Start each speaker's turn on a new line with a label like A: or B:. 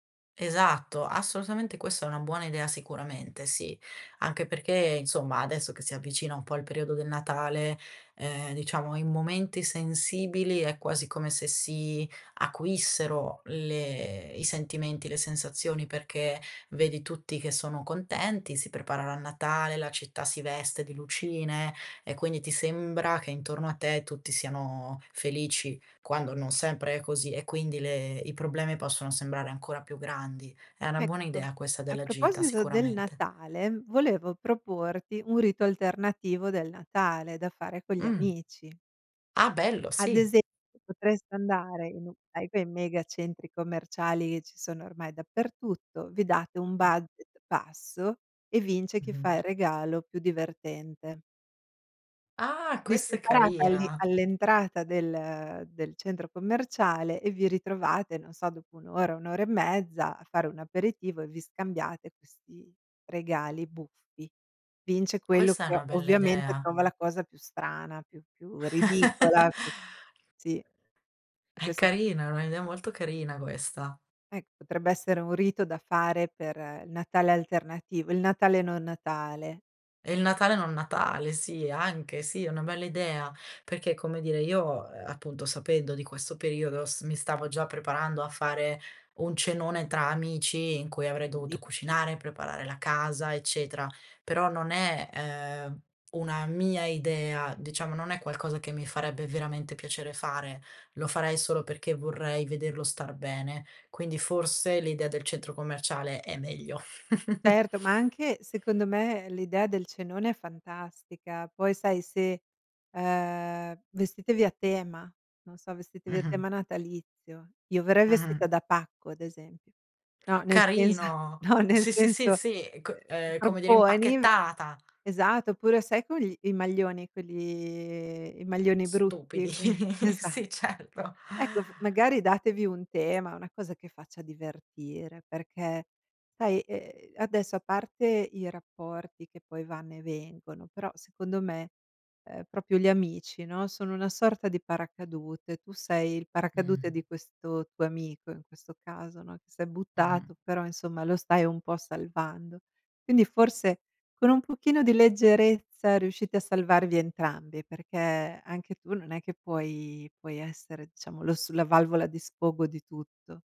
A: Esatto, assolutamente questa è una buona idea sicuramente, sì. Anche perché, insomma, adesso che si avvicina un po' al periodo del Natale, ehm, diciamo in momenti sensibili, è quasi come se si acuissero le i sentimenti, le sensazioni perché vedi tutti che sono contenti, si preparano a Natale, la città si veste di lucine, e quindi ti sembra che intorno a te tutti siano felici, quando non sempre è così e quindi le i problemi possono sembrare ancora più grandi. È una buona
B: Ecco,
A: idea questa
B: a
A: della gita,
B: proposito del
A: sicuramente.
B: Natale, volevo proporti un rito alternativo del Natale, da fare con gli
A: Mh.
B: amici.
A: Ah bello,
B: Ad
A: sì.
B: esempio, potreste andare in un [unintelligible] mega centri commerciali, ci sono ormai dappertutto, vi date un budget basso, e vince chi
A: Mh-mh.
B: fa il regalo più divertente.
A: Ah,
B: Vi
A: questa è
B: separate all'i
A: carina.
B: all'entrata del del centro commerciale, e vi ritrovate, non so, dopo 1 ora, 1 ora e mezza a fare un aperitivo, e vi scambiate questi regali buffi. Vince quello
A: Questa è
B: che,
A: una bella
B: ovviamente,
A: idea.
B: trova la cosa più strana, più più ridicola. Sì, e
A: È
B: questo
A: carina, è un'idea molto carina questa.
B: Ecco, potrebbe essere un rito da fare per il Natale alternativo, il Natale non Natale.
A: È il Natale non Natale, sì, anche, sì, è una bella idea. Perché, come dire, io, uhm, appunto, sapendo di questo periodo s mi stavo già preparando a fare un cenone tra amici, in cui avrei dovuto
B: [unintelligible]
A: cucinare, preparare la casa, eccetera; però non è, ehm, una mia idea, diciamo, non è qualcosa che mi farebbe veramente piacere fare. Lo farei solo perché vorrei vederlo star bene, quindi forse l'idea del centro commerciale è meglio.
B: Certo, ma anche, secondo me, l'idea del cenone è fantastica. Poi sai, se, ehm, vestitevi a tema, non so, vestitevi a
A: Mh-mh.
B: tema natalizio. Io verrei vestita
A: Mh-mh.
B: da pacco ad esempio no, nel senso
A: Carino.
B: no nel
A: Sì, sì, sì,
B: senso,
A: sì, c
B: ehm,
A: ehm, come dire,
B: proponi
A: impacchettata.
B: esatto, oppure sai con gli i maglioni, quelli i maglioni brutti?
A: Stupidi,
B: Que esa
A: sì, certo.
B: ecco f magari datevi un tema, una cosa che faccia divertire, perché sai, ehm, adesso a parte i rapporti che poi vanno e vengono, però, secondo me, ehm, proprio gli amici, no, sono una sorta di paracadute, tu sei il paracadute
A: Mh.
B: di questo tuo amico in questo caso, no, che s'è
A: Mh-mh.
B: buttato, però insomma lo stai un po' salvando. Quindi forse, con un pochino di leggerezza, riuscite a salvarvi entrambi, perché anche tu, non è che puoi puoi essere diciamo lo s la valvola di sfogo di tutto.